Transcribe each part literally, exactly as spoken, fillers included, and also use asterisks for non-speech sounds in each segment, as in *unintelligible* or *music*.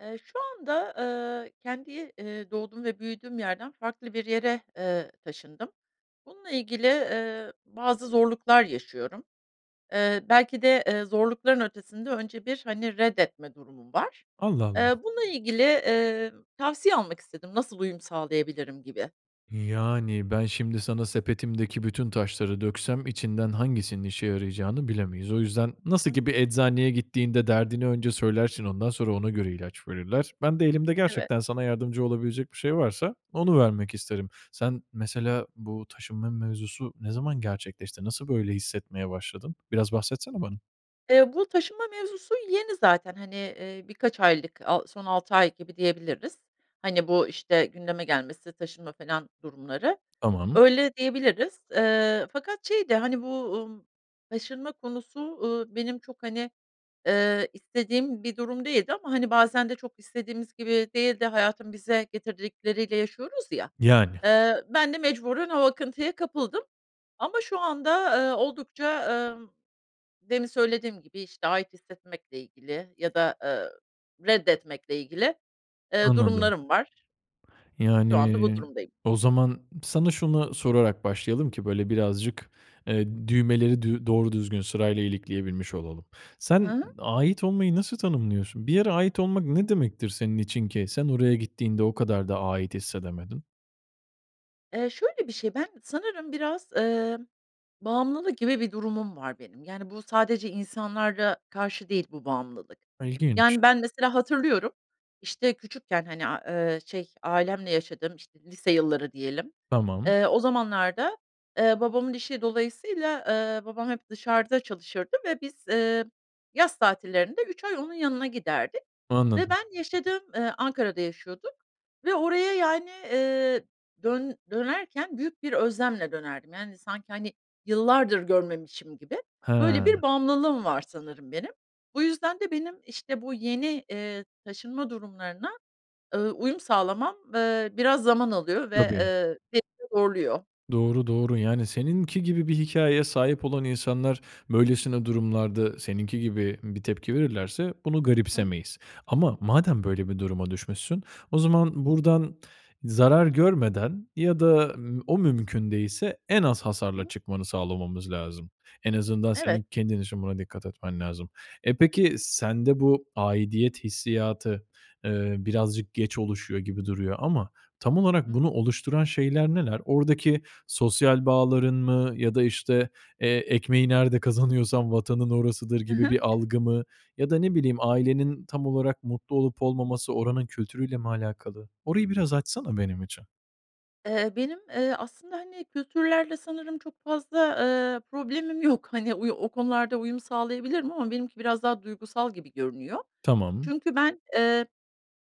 Eee, şu anda, eee, kendi, eee, doğduğum ve büyüdüğüm yerden farklı bir yere, eee, taşındım. Bununla ilgili, eee, bazı zorluklar yaşıyorum. Eee, belki de, eee, zorlukların ötesinde önce bir, hani, reddetme durumum var. Allah Eee, Allah! bununla ilgili, emm, tavsiye almak istedim, nasıl uyum sağlayabilirim gibi. Yani, ben şimdi sana sepetimdeki bütün taşları döksem içinden hangisinin işe yarayacağını bilemeyiz. O yüzden Hı nasıl hı. ki bir eczaneye gittiğinde derdini önce söylersin, ondan sonra ona göre ilaç verirler. Ben de elimde Evet. gerçekten sana yardımcı olabilecek bir şey varsa onu vermek isterim. Sen mesela bu taşınma mevzusu ne zaman gerçekleşti, nasıl böyle hissetmeye başladın? Biraz bahsetsene bana. Eee, bu taşınma mevzusu yeni zaten, hani, iii, birkaç aylık a son altı ay gibi diyebiliriz. Hani, bu, işte, gündeme gelmesi, taşınma falan durumları. Tamam. Öyle diyebiliriz. Eee, fakat şey de, hani, bu, ııı, taşınma konusu, ııı, benim çok, hani, eee, istediğim bir durum değildi ama, hani, bazen de çok istediğimiz gibi değil de hayatın bize getirdikleriyle yaşıyoruz ya. Yani. Eee, ben de mecburen o akıntıya kapıldım. Ama şu anda, eee, oldukça, ımm, demin söylediğim gibi, işte, ait hissetmekle ilgili ya da, eee, reddetmekle ilgili, eee, Anladım. durumlarım var şu anda bu Yani. durumdayım. O zaman sana şuna sorarak başlayalım ki böyle birazcık, eee, düğmeleri dü doğru düzgün sırayla ilikleyebilmiş olalım. Hı Sen hı. ait olmayı nasıl tanımlıyorsun? Bir yere ait olmak ne demektir senin için ki sen oraya gittiğinde o kadar da ait hissedemedin? Eee, şöyle bir şey, ben sanırım biraz, eee, bağımlılık gibi bir durumum var benim. Yani, bu sadece insanlara karşı değil bu bağımlılık. İlginç. Yani, ben mesela hatırlıyorum, işte, küçükken, hani, a eee, şey, ailemle yaşadığım, işte, lise yılları diyelim, Tamam. eee, o zamanlarda, eee, babamın işi dolayısıyla, eee, babam hep dışarıda çalışırdı ve biz, eee, yaz tatillerinde üç ay onun yanına giderdik ve Anladım. ben yaşadığım, eee, Ankara'da yaşıyorduk ve oraya, yani, iii, dön dönerken büyük bir özlemle dönerdim, yani, sanki, hani, yıllardır görmemişim gibi. Böyle He. bir bağımlılığım var sanırım benim. Bu yüzden de benim, işte, bu yeni, eee, taşınma durumlarına, eee, uyum sağlamam, eee, biraz zaman alıyor ve, Tabii. eee, ve beni zorluyor. Doğru, doğru yani seninki gibi bir hikâyeye sahip olan insanlar böylesine durumlarda seninki gibi bir tepki verirlerse bunu Hıı. garipsemeyiz. Ama madem böyle bir duruma düşmüşsün o zaman buradan zarar görmeden ya da, eee, o mümkün değilse en az Hı hasarla hı. çıkmanı sağlamamız lazım. En azından Evet. senin kendin için buna dikkat etmen lazım. E, peki sende bu aidiyet hissiyatı, eee, birazcık geç oluşuyor gibi duruyor ama tam olarak Hı hı. bunu oluşturan şeyler neler? Oradaki sosyal bağların mı ya da işte, eee, ekmeği nerede kazanıyorsan vatanın orasıdır Hı gibi hı. bir algı mı ya da ne bileyim ailenin tam olarak mutlu olup olmaması oranın kültürü ile mi alakalı? Orayı biraz açsana benim için. Eee, benim, eee, aslında, hani, kültürlerle sanırım çok fazla, eee, problemim yok. Hani, oy o konularda uyum sağlayabilirim ama benimki biraz daha duygusal gibi görünüyor. Tamam. Çünkü ben, eee,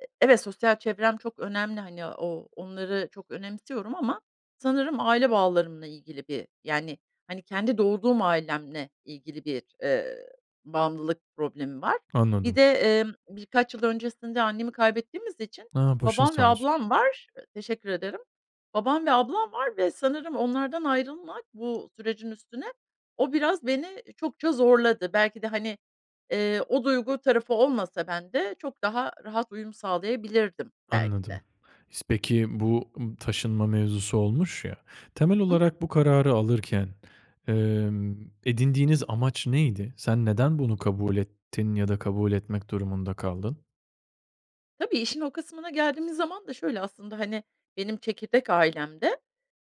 e evet, sosyal çevrem çok önemli, hani, o onları çok önemsiyorum. Ama sanırım aile bağlarımla ilgili bir, yani, hani, kendi doğduğum ailemle ilgili bir, eee, bağımlılık problemim var. Bir Anladım. de, emm, birkaç yıl öncesinde annemi kaybettiğimiz için A, başın babam sağ ve olsun. ablam var Teşekkür ederim, babam ve ablam var ve sanırım onlardan ayrılmak bu sürecin üstüne, o biraz beni çokça zorladı. Belki de, hani, eee, o duygu tarafı olmasa ben de çok daha rahat uyum sağlayabilirdim belki Anladım. de. İs peki, bu, ımm, taşınma mevzusu olmuş ya, temel Hı hı. olarak bu kararı alırken, emm, edindiğiniz amaç neydi? Sen neden bunu kabul ettin ya da kabul etmek durumunda kaldın? Tabii, işin o kısmına geldiğimiz zaman da şöyle aslında, hani, benim çekirdek ailemde,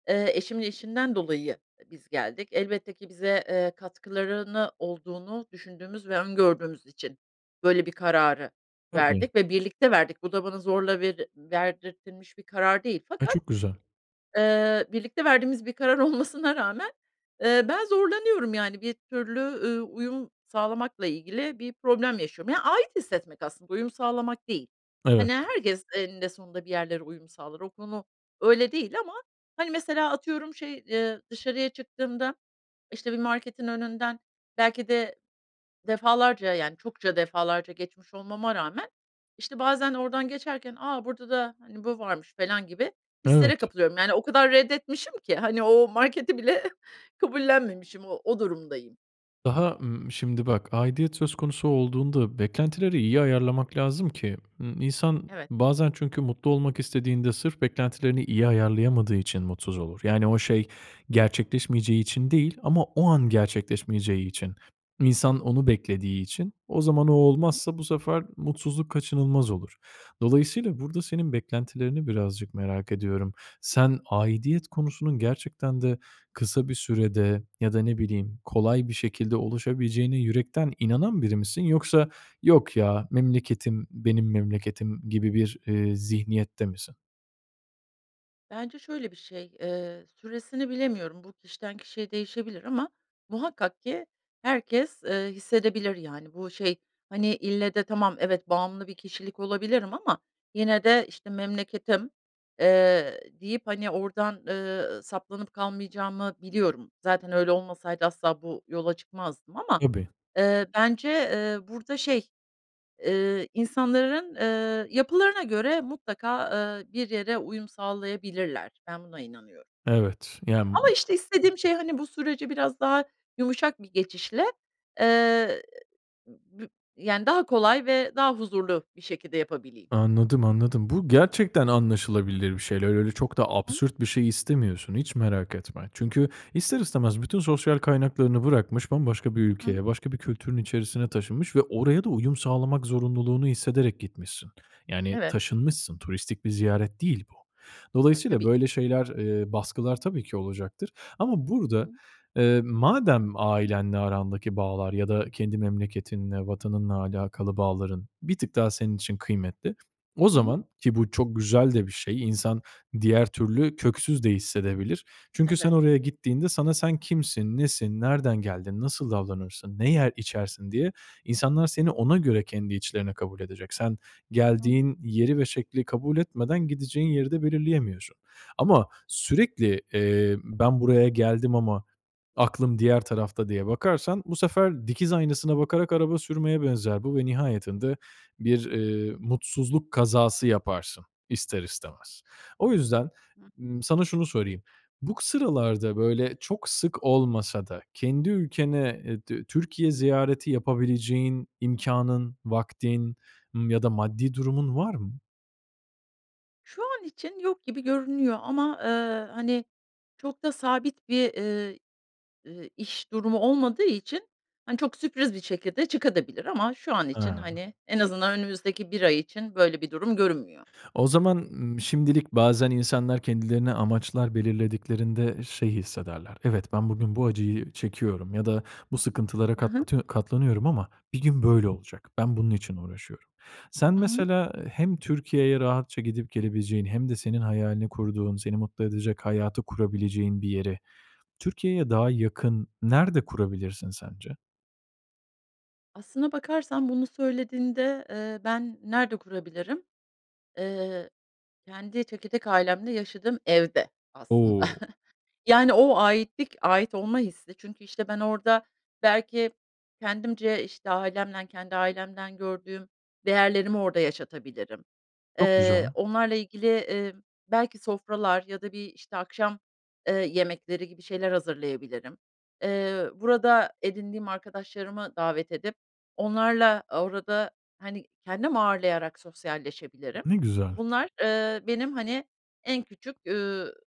eee, eşimin işinden dolayı ı biz geldik. Elbette ki bize, eee, katkılarını olduğunu düşündüğümüz ve öngördüğümüz için böyle bir kararı Tabii. verdik ve birlikte verdik. Bu da bana zorla veri verdirtilmiş bir karar değil A, fakat, çok güzel. eee, birlikte verdiğimiz bir karar olmasına rağmen, eee, ben zorlanıyorum, yani, bir türlü, ııı, uyum sağlamakla ilgili bir problem yaşıyorum. Yani, ait hissetmek aslında, uyum sağlamak değil. Evet. Hani, herkes eninde sonunda bir yerlere uyum sağlar. O konu öyle değil ama Hani, mesela atıyorum, şey, eee, dışarıya çıktığımda, işte, bir marketin önünden belki de defalarca, yani, çokça defalarca geçmiş olmama rağmen, işte, bazen oradan geçerken, "A, burada da, hani, bu varmış." felan gibi hislere Evet. kapılıyorum. Yani, o kadar reddetmişim ki, hani, o marketi bile kabullenmemişim, o o durumdayım. Daha, ımm, şimdi, bak, aidiyet söz konusu olduğunda beklentileri iyi ayarlamak lazım ki, ımm, insan Evet. bazen çünkü mutlu olmak istediğinde sırf beklentilerini iyi ayarlayamadığı için mutsuz olur. Yani, o şey gerçekleşmeyeceği için değil ama o an gerçekleşmeyeceği için, insan onu beklediği için, o zaman o olmazsa bu sefer mutsuzluk kaçınılmaz olur. Dolayısıyla burada senin beklentilerini birazcık merak ediyorum. Sen aidiyet konusunun gerçekten de kısa bir sürede ya da ne bileyim kolay bir şekilde oluşabileceğine yürekten inanan biri misin yoksa, "Yok, ya, memleketim, benim memleketim." gibi bir, eee, zihniyette misin? Bence şöyle bir şey, eee, süresini bilemiyorum. Bu, kişiden kişiye değişebilir ama muhakkak ki herkes, ııı, hissedebilir yani. Bu şey, hani, ille de tamam evet, bağımlı bir kişilik olabilirim ama yine de, işte, memleketim, eee, deyip, hani, oradan, ııı, saplanıp kalmayacağımı biliyorum. Zaten öyle olmasaydı asla bu yola çıkmazdım ama, Tabii. ııı, bence, ııı, burada şey, ııı, insanların, ııı, yapılarına göre mutlaka, ııı, bir yere uyum sağlayabilirler. Ben, buna inanıyorum. Evet. Yani Ama, işte, istediğim şey, hani, bu süreci biraz daha yumuşak bir geçişle, eee, ı b yani, daha kolay ve daha huzurlu bir şekilde yapabileyim. Anladım, anladım. Bu gerçekten anlaşılabilir bir şeyler. Öyle çok da Hıı. absürt bir şey istemiyorsun hiç merak etme. Çünkü ister istemez bütün sosyal kaynaklarını bırakmış, bambaşka bir Hı hı. ülkeye, başka bir kültürün içerisine taşınmış ve oraya da uyum sağlamak zorunluluğunu hissederek gitmişsin. Yani Evet. taşınmışsın. Turistik bir ziyaret değil bu. *unintelligible* Dolayısıyla Tabii ki. böyle şeyler, eee, baskılar tabii ki olacaktır ama burada, Hıı. eee, madem ailenle arandaki bağlar ya da kendi memleketinle, vatanınla alakalı bağların bir tık daha senin için kıymetli. O Hı hı. zaman, ki bu çok güzel de bir şey insan diğer türlü köksüz de hissedebilir. Çünkü sen Evet. oraya gittiğinde sana sen kimsin nesin, nereden geldin, nasıl davranırsın, ne yer, içersin diye insanlar seni ona göre kendi içlerine kabul edecek. Sen Hı hı. geldiğin yeri ve şekli kabul etmeden gideceğin yeri de belirleyemiyorsun. Ama sürekli, eee, ben, buraya geldim ama aklım diğer tarafta diye bakarsan bu sefer dikiz aynasına bakarak araba sürmeye benzer bu ve nihayetinde bir, eee, mutsuzluk kazası yaparsın ister istemez. O yüzden, Hı hı. ımm, sana şunu sorayım. Bu k sıralarda böyle çok sık olmasa da kendi ülkene, eee, dü Türkiye ziyareti yapabileceğin imkânın, vaktin, ımm, ya da maddi durumun var mı? Şu an için yok gibi görünüyor ama, eee, hani, çok da sabit bir, eee, ııı, iş durumu olmadığı için, hani, çok sürpriz bir şekilde çıkabilir de. Ama şu an için, Hıı. hani, en azından önümüzdeki bir ay için böyle bir durum görünmüyor. O zaman, ımm, şimdilik bazen insanlar kendilerine amaçlar belirlediklerinde şey hissederler; "Evet, ben bugün bu acıyı çekiyorum ya da bu sıkıntılara Hı hı. katlatı katlanıyorum ama bir gün böyle olacak, ben bunun için uğraşıyorum." Sen Hı hı. mesela, ııı, hem Türkiye'ye rahatça gidip gelebileceğin hem de senin hayalini kurduğun, seni mutlu edecek hayatı kurabileceğin bir yeri Türkiye'ye daha yakın nerede kurabilirsin sence? Aslında bakarsan bunu söylediğinde, eee, ben nerede kurabilirim? Eee, kendi çekirdek ailemde yaşadığım evde aslında. O! *chuckles* Yani, o aitlik, ait olma hissi çünkü, işte, ben orada belki kendimce, işte, ailemden, kendi ailemden gördüğüm değerlerimi orada yaşatabilirim. Çok Eee, güzel. onlarla ilgili, eee, belki sofralar ya da bir, işte, akşam, ııı, yemekleri gibi şeyler hazırlayabilirim. Eee, burada edindiğim arkadaşlarımı davet edip onlarla orada, hani, kendim ağırlayarak sosyalleşebilirim. Ne güzel. Bunlar, ııı, benim, hani, en küçük, üüü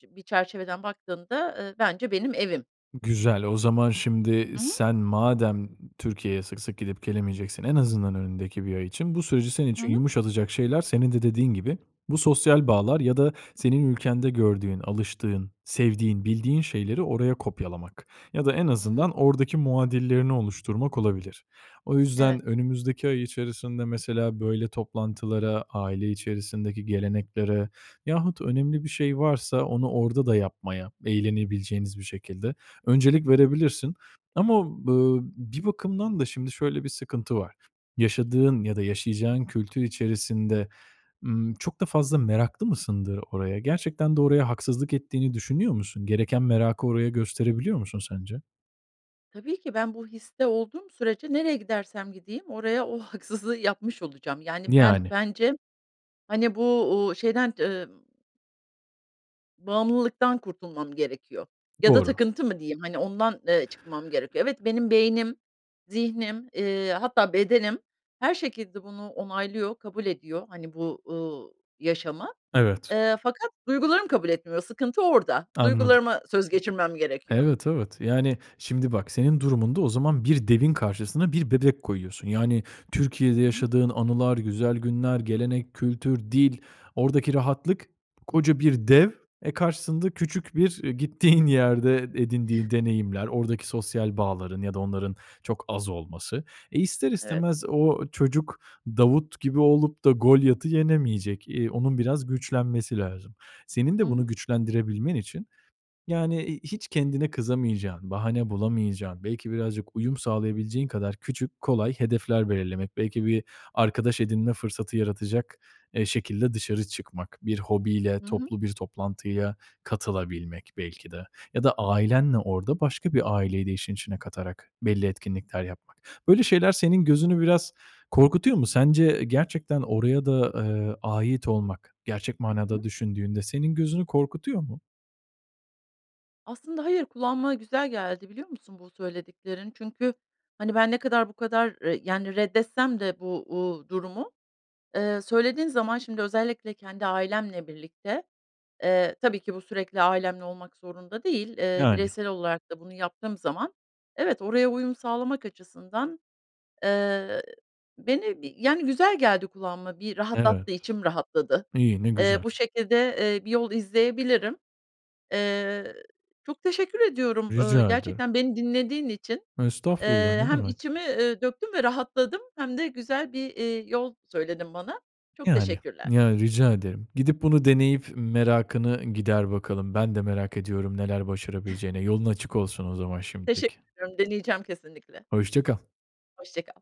çi bir çerçeveden baktığımda, ııı, bence benim evim. Güzel. O zaman şimdi Hı hı. sen madem Türkiye'ye sık sık gidip gelemeyeceksin en azından önündeki bir ay için bu süreci senin Hı için hı. yumuşatacak şeyler senin de dediğin gibi bu sosyal bağlar ya da senin ülkende gördüğün, alıştığın, sevdiğin, bildiğin şeyleri oraya kopyalamak. Ya da en Hı hı. azından oradaki muadillerini oluşturmak olabilir. O yüzden Evet. önümüzdeki ay içerisinde mesela böyle toplantılara, aile içerisindeki geleneklere yahut önemli bir şey varsa onu orada da yapmaya eğlenebileceğiniz bir şekilde öncelik Hı hı. verebilirsin. Ama b ııı, bir bakımdan da şimdi şöyle bir sıkıntı var; yaşadığın ya da yaşayacağın kültür içerisinde, ımm, çok da fazla meraklı mısındır oraya? Gerçekten de oraya haksızlık ettiğini düşünüyor musun? Gereken merakı oraya gösterebiliyor musun sence? Tabii ki ben bu histe olduğum sürece nereye gidersem gideyim, oraya o haksızlığı yapmış olacağım. Yani, ben Yani. bence, hani, bu, uuu, şeyden, emm Bağımlılıktan kurtulmam gerekiyor ya da Doğru. takıntı mı diyeyim? Hani, ondan, eee, çıkmam gerekiyor. Evet, benim beynim, zihnim, eee, hatta bedenim her şekilde bunu onaylıyor, kabul ediyor, hani, bu, uuu, yaşamı. Evet. Eee, fakat duygularım kabul etmiyor, sıkıntı orada. Anladım. Duygularıma söz geçirmem gerekiyor. Evet, evet. Yani, şimdi bak, senin durumunda o zaman bir devin karşısına bir bebek koyuyorsun. Yani, Türkiye'de Hı hı. yaşadığın anılar, güzel günler, gelenek, kültür, dil, oradaki rahatlık koca bir dev, eee, karşısında küçük bir, eee, gittiğin yerde edindiği deneyimler, oradaki sosyal bağların ya da onların çok az olması. E, ister Evet. istemez o çocuk Davut gibi olup da Golyat'ı yenemeyecek, eee, onun biraz güçlenmesi lazım. Senin Hı de bunu hı. güçlendirebilmen için, yani, eee, hiç kendine kızamayacağın, bahane bulamayacağın, belki birazcık uyum sağlayabileceğin kadar küçük, kolay hedefler belirlemek. Belki bir arkadaş edinme fırsatı yaratacak, eee, şekilde dışarı çıkmak, bir hobiyle Hı hı. toplu bir toplantıya katılabilmek belki de ya da ailenle orada başka bir aileyi de işin içine katarak belli etkinlikler yapmak. Böyle şeyler senin gözünü biraz korkutuyor mu? Sence, eee, gerçekten oraya da, eee, ait olmak, gerçek Hı manada hı. düşündüğünde senin gözünü korkutuyor mu? Aslında hayır, kulağıma güzel geldi biliyor musun bu söylediklerin. Çünkü, hani, ben ne kadar bu kadar, eee, yani, reddetsem de bu, uuu, durumu, eee, söylediğin zaman şimdi özellikle kendi ailemle birlikte, eee, tabii ki bu sürekli ailemle olmak zorunda değil, eee, Yani. bireysel olarak da bunu yaptığım zaman evet, oraya uyum sağlamak açısından, eee, beni, bir Yani, eee, güzel geldi kulağıma, bir Evet. rahatlattı, içim rahatladı. İyi, ne Eee, güzel. bu şekilde, eee, bir yol izleyebilirim. Eee, çok teşekkür ediyorum, ööö, Rica ederim. gerçekten beni dinlediğin için. Estağfurullah, Eee, ne hem demek. içimi, eee, döktüm ve rahatladım hem de güzel bir, eee, yol söyledin bana. Çok Yani. teşekkürler. Ya, rica ederim. Gidip bunu deneyip merakını gider bakalım. Ben de merak ediyorum neler başarabileceğine, *chuckles* yolun açık olsun o zaman Teşe şimdilik. deneyeceğim kesinlikle. Hoşça kal. Hoşça kal.